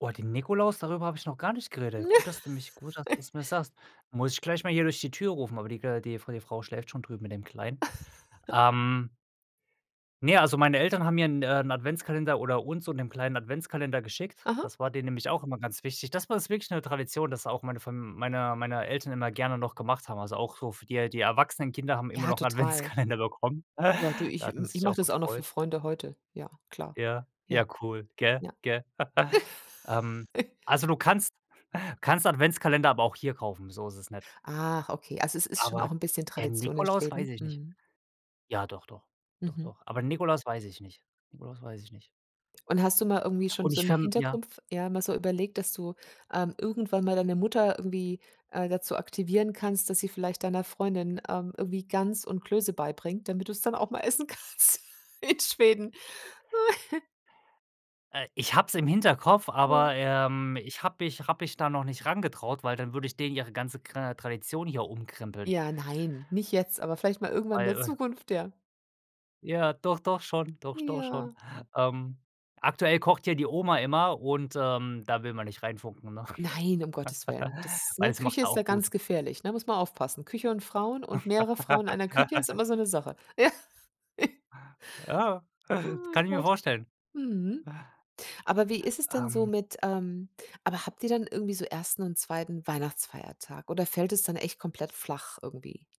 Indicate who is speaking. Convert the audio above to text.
Speaker 1: Oh, den Nikolaus, darüber habe ich noch gar nicht geredet. Gut, dass du mich gut, dass du's mir sagst. Muss ich gleich mal hier durch die Tür rufen, aber die gla die Fra die Frau schläft schon drüben mit dem Kleinen. Ähm Ne, also meine Eltern haben mir 'n äh, 'n Adventskalender oder uns so und dem Kleinen 'n Adventskalender geschickt,
Speaker 2: Aha.
Speaker 1: das war denen nämlich auch immer ganz wichtig. Das bei uns wirklich 'ne Tradition, dass da auch meine Fam meine meine Eltern immer gerne noch gemacht haben, also auch so für die äh, die erwachsenen Kinder haben immer
Speaker 2: Ja,
Speaker 1: noch 'n
Speaker 2: total.
Speaker 1: Adventskalender bekommen.
Speaker 2: Ja, du,
Speaker 1: Da
Speaker 2: ich
Speaker 1: hat man
Speaker 2: m ich
Speaker 1: sich ja
Speaker 2: mache
Speaker 1: auch
Speaker 2: das auch noch für
Speaker 1: gefreut.
Speaker 2: Freunde heute. Ja, klar.
Speaker 1: Ja,
Speaker 2: Ja,
Speaker 1: ja, cool, gell,
Speaker 2: ja.
Speaker 1: gell? Ähm, also du kannst kannst Adventskalender aber auch hier kaufen, so ist es nicht.
Speaker 2: Ach, okay, also es ist schon
Speaker 1: Aber
Speaker 2: auch 'n bisschen
Speaker 1: der
Speaker 2: Tradition in
Speaker 1: Nikolaus weiß
Speaker 2: Schweden,
Speaker 1: ich nicht.
Speaker 2: mhm.
Speaker 1: Ja, doch, doch, doch,
Speaker 2: Mhm.
Speaker 1: doch. Aber Nikolaus weiß ich nicht, Nikolaus weiß ich nicht.
Speaker 2: Und hast du mal irgendwie schon
Speaker 1: Und
Speaker 2: so
Speaker 1: ich
Speaker 2: im
Speaker 1: verm ja?
Speaker 2: Hintergrund f ja mal so überlegt, dass du, ähm, irgendwann mal deine Mutter irgendwie, äh, dazu aktivieren kannst, dass sie vielleicht deiner Freundin, ähm, irgendwie Gans und Klöße beibringt, damit du es dann auch mal essen kannst in Schweden.
Speaker 1: Äh, ich habe es im Hinterkopf,
Speaker 2: Ja.
Speaker 1: aber, ähm, ich habe mich habe mich da noch nicht rangetraut, weil dann würde ich denen ihre ganze kra Tradition hier umkrempeln
Speaker 2: Ja, nein, nicht jetzt, aber vielleicht mal irgendwann in der
Speaker 1: weil
Speaker 2: Zukunft, ja.
Speaker 1: Ja, doch, doch schon doch, sch doch schon,
Speaker 2: Ja.
Speaker 1: ähm. Aktuell kocht ja die Oma immer und, ähm, da will man nicht reinfunken, ne,
Speaker 2: Nein, um Gottes Willen. Das
Speaker 1: weil
Speaker 2: ne,
Speaker 1: das macht
Speaker 2: Küche
Speaker 1: er
Speaker 2: ist da
Speaker 1: auch gut.
Speaker 2: ganz gefährlich, ne, muss man aufpassen. Küche und Frauen und mehrere Frauen in einer Küche ist immer so 'ne Sache. Ja.
Speaker 1: Ja, das
Speaker 2: Oh
Speaker 1: kann ich mir
Speaker 2: Gott.
Speaker 1: vorstellen.
Speaker 2: Mhm. Aber wie ist es denn so
Speaker 1: Ähm
Speaker 2: mit ähm, aber habt ihr dann irgendwie so 1. und 2. Weihnachtsfeiertag oder fällt es dann echt komplett flach irgendwie?